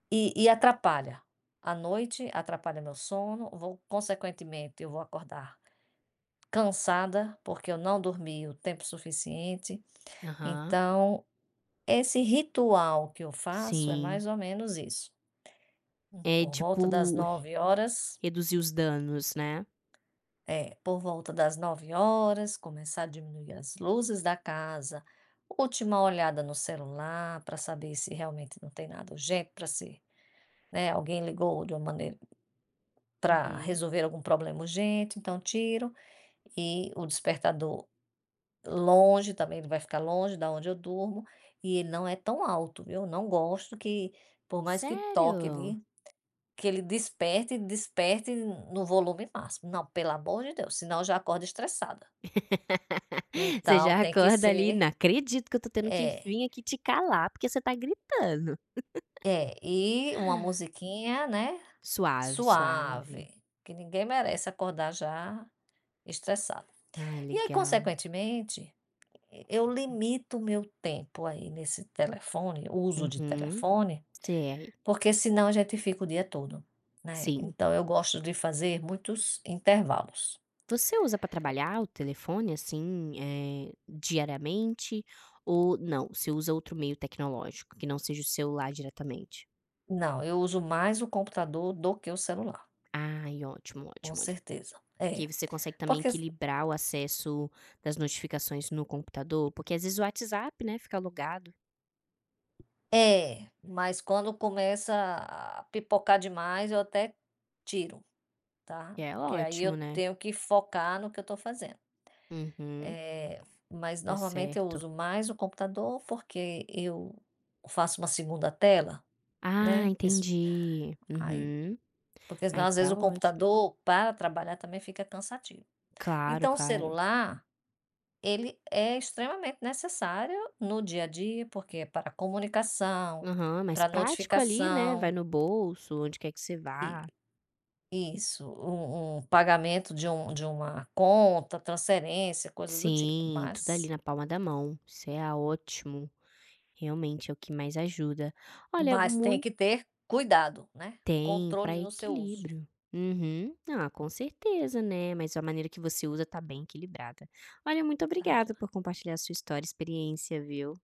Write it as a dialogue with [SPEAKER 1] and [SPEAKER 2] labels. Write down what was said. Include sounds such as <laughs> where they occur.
[SPEAKER 1] E e atrapalha. À noite atrapalha meu sono. Vou, consequentemente, eu vou acordar cansada, porque eu não dormi o tempo suficiente.
[SPEAKER 2] Aham.
[SPEAKER 1] Então, esse ritual que eu faço é
[SPEAKER 2] Sim.
[SPEAKER 1] mais ou menos isso. Hum,
[SPEAKER 2] É,
[SPEAKER 1] por volta das
[SPEAKER 2] tipo,
[SPEAKER 1] 21h.
[SPEAKER 2] reduzir os danos, né?
[SPEAKER 1] É, por volta das 21h começar a diminuir as luzes da casa, última olhada no celular para saber se realmente não tem nada urgente para se né, alguém ligou de uma maneira para
[SPEAKER 2] Uhum.
[SPEAKER 1] resolver algum problema urgente, então tiro. E o despertador longe também, ele vai ficar longe da onde eu durmo. E ele não é tão alto, viu. Não gosto que, por mais que toque
[SPEAKER 2] Sério?
[SPEAKER 1] ali, que ele desperte e desperte no volume máximo. Não, pelo amor de Deus, senão eu já acordo estressada.
[SPEAKER 2] <laughs> Você
[SPEAKER 1] Então,
[SPEAKER 2] já
[SPEAKER 1] tem que
[SPEAKER 2] acorda, ali:
[SPEAKER 1] ser
[SPEAKER 2] "Não acredito que eu tô tendo que
[SPEAKER 1] é.
[SPEAKER 2] vim aqui te calar, porque você tá gritando". <laughs>
[SPEAKER 1] É, e uma musiquinha, né,
[SPEAKER 2] Suave, suave.
[SPEAKER 1] suave, que ninguém merece acordar já estressado.
[SPEAKER 2] Ai,
[SPEAKER 1] E aí,
[SPEAKER 2] legal.
[SPEAKER 1] consequentemente, eu limito o meu tempo, aí, nesse telefone uso de
[SPEAKER 2] Uhum,
[SPEAKER 1] telefone,
[SPEAKER 2] sei
[SPEAKER 1] porque senão a gente fica o dia todo, né.
[SPEAKER 2] Sim.
[SPEAKER 1] Então eu gosto de fazer muitos intervalos.
[SPEAKER 2] Você usa para
[SPEAKER 1] Eh
[SPEAKER 2] trabalhar o telefone, assim, eh, diariamente ou não? Você usa outro meio tecnológico que não seja o celular diretamente?
[SPEAKER 1] Não, eu uso mais o computador do que o celular.
[SPEAKER 2] Ai, ótimo,
[SPEAKER 1] Com
[SPEAKER 2] ótimo, ótimo.
[SPEAKER 1] certeza.
[SPEAKER 2] Porque aí
[SPEAKER 1] É.
[SPEAKER 2] você consegue também
[SPEAKER 1] Porque se
[SPEAKER 2] equilibrar o acesso das notificações no computador? Porque, às vezes, o WhatsApp, né, fica logado.
[SPEAKER 1] É, mas quando começa a pipocar demais, eu até tiro, tá.
[SPEAKER 2] E é
[SPEAKER 1] Porque, aí, eu
[SPEAKER 2] ótimo, né.
[SPEAKER 1] tenho que focar no que eu tô fazendo.
[SPEAKER 2] Uhum
[SPEAKER 1] Eh, mas
[SPEAKER 2] Tá
[SPEAKER 1] normalmente eu
[SPEAKER 2] certo.
[SPEAKER 1] uso mais o computador porque eu faço uma 2ª tela,
[SPEAKER 2] Ah,
[SPEAKER 1] né. Isso
[SPEAKER 2] entendi.
[SPEAKER 1] aí
[SPEAKER 2] Uhum,
[SPEAKER 1] porque senão,
[SPEAKER 2] aí,
[SPEAKER 1] às vezes, o
[SPEAKER 2] tá ótimo.
[SPEAKER 1] computador para trabalhar também fica cansativo.
[SPEAKER 2] Claro,
[SPEAKER 1] Então o
[SPEAKER 2] claro.
[SPEAKER 1] celular, ele é extremamente necessário no dia a dia, porque é para comunicação,
[SPEAKER 2] Aham, mais
[SPEAKER 1] para
[SPEAKER 2] prático ali, né. Vai
[SPEAKER 1] notificação.
[SPEAKER 2] no bolso onde quer que você
[SPEAKER 1] E
[SPEAKER 2] vá.
[SPEAKER 1] isso. Um um pagamento de um de uma conta, transferência, coisas do tipo,
[SPEAKER 2] Sim, tudo
[SPEAKER 1] mas
[SPEAKER 2] ali na palma da mão, isso é a ótimo. Realmente, é o que mais ajuda. Olha,
[SPEAKER 1] Mas tem
[SPEAKER 2] mui
[SPEAKER 1] que ter cuidado, né.
[SPEAKER 2] Tem para
[SPEAKER 1] Controle no seu uso.
[SPEAKER 2] equilíbrio. Uhum, ah, com certeza, né. Mas a maneira que você usa tá bem equilibrada. Olha, muito
[SPEAKER 1] Tá
[SPEAKER 2] obrigada
[SPEAKER 1] joia.
[SPEAKER 2] por compartilhar a sua história, experiência, viu.